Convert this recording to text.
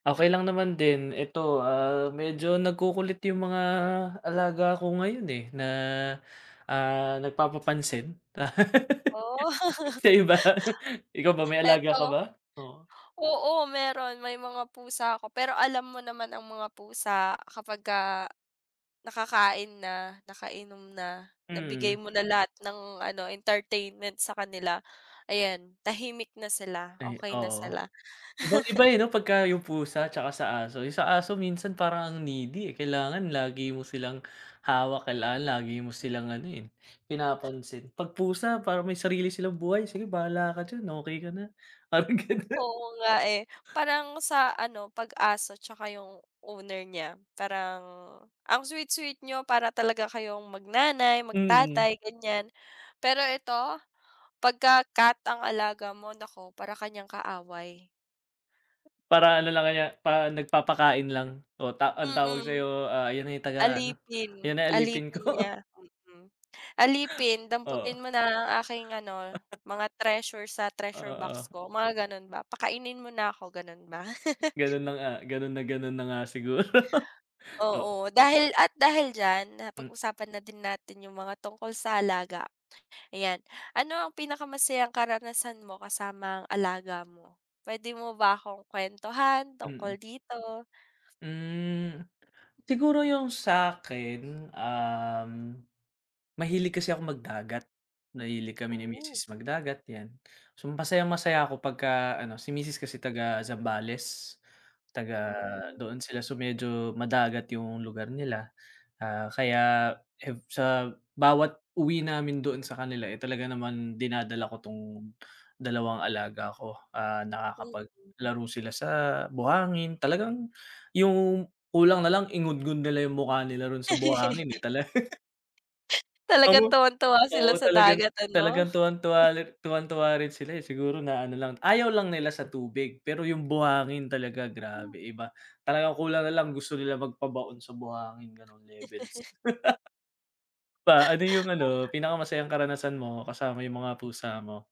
Okey lang naman din. Eto, ah, medyo nagkukulit yung mga alaga ko ngayon, eh, na, ah, nagpapapansin. Oh. Sayo ba? Ikaw ba, may alaga ka Eto ba? Oo. oo, meron, may mga pusa ako pero alam mo naman ang mga pusa, kapagka, nakakain na, nakainom na, nabigay Mm. mo na lahat ng ano, entertainment sa kanila. Ayan, tahimik na sila, Ay, okey na oo. sila. Ibang-iba, eh, 'no? Pagka yung pusa tsaka sa aso. Yung sa aso minsan parang ang needy, eh. Kailangan lagi mo silang hawak, kailangan lagi mo silang ano, eh, pinapansin. 'Pag pusa parang may sarili silang buhay, sige bahala ka diyan, okey ka na, parang gano'n. Oo nga, eh. Parang sa ano, 'pag aso tsaka yung owner niya, parang, ang sweet-sweet niyo, para talaga kayong mag-nanay, Mm. mag-tatay, ganyan. Pero eto, pagka cat ang alaga mo, naku, para ka niyang kaaway. Para ano lang ka niya, parang nagpapakain lang. Oh, ta ang tawag Mm. sayo, ah, yan ay taga-ano, yan Alipin, na alipin alipin ko. niya. Mm. Alipin, Oo. damputin mo na ang aking ano, mga treasure sa treasure box Oo. ko, mga gano'n ba. Pakainin mo na ako, gano'n ba. Gano'n na nga. Gano'n na gano'n na nga siguro. Oo. Oo, dahil at dahil diyan, Hmm. napag-usapan na din natin yung mga tungkol sa alaga, ayan. Ano ang pinakamasayang karanasan mo kasama ang alaga mo? Puwede mo ba akong kwentuhan tungkol Mm. dito? Hmm, siguro yung sakin, um, mahilig kasi akong magdagat. Mahilig kami ni Oh. misis magdagat, yan. So masayang masaya ako pagka ano si misis kasi taga-Zambales, taga Hmm. doon sila. So medyo madagat yung lugar nila, ah, kaya ev sa bawat uwi namin doon sa kanila, eh, talaga naman dinadala ko 'tong, dalawang alaga ko. Ah, Mm. nakakapaglaro sila sa buhangin, talagang, yung kulang nalang ingudngod nila yung mukha nila roon sa buhangin, eh, talaga Talagang Ano tuwang-tuwa sila oo, sa talagang dagat ano? talagang tuwang-tuwa li tuwang-tuwa rin sila, eh. Siguro na ano lang ayaw lang nila sa tubig, pero yung buhangin talaga Hmm. grabe, iba. Talagang kulang nalang gusto nila magpabaon sa buhangin, gano'ng levels. pa, ano yung ano, Tama. pinakamasayang karanasan mo kasama yung mga pusa mo?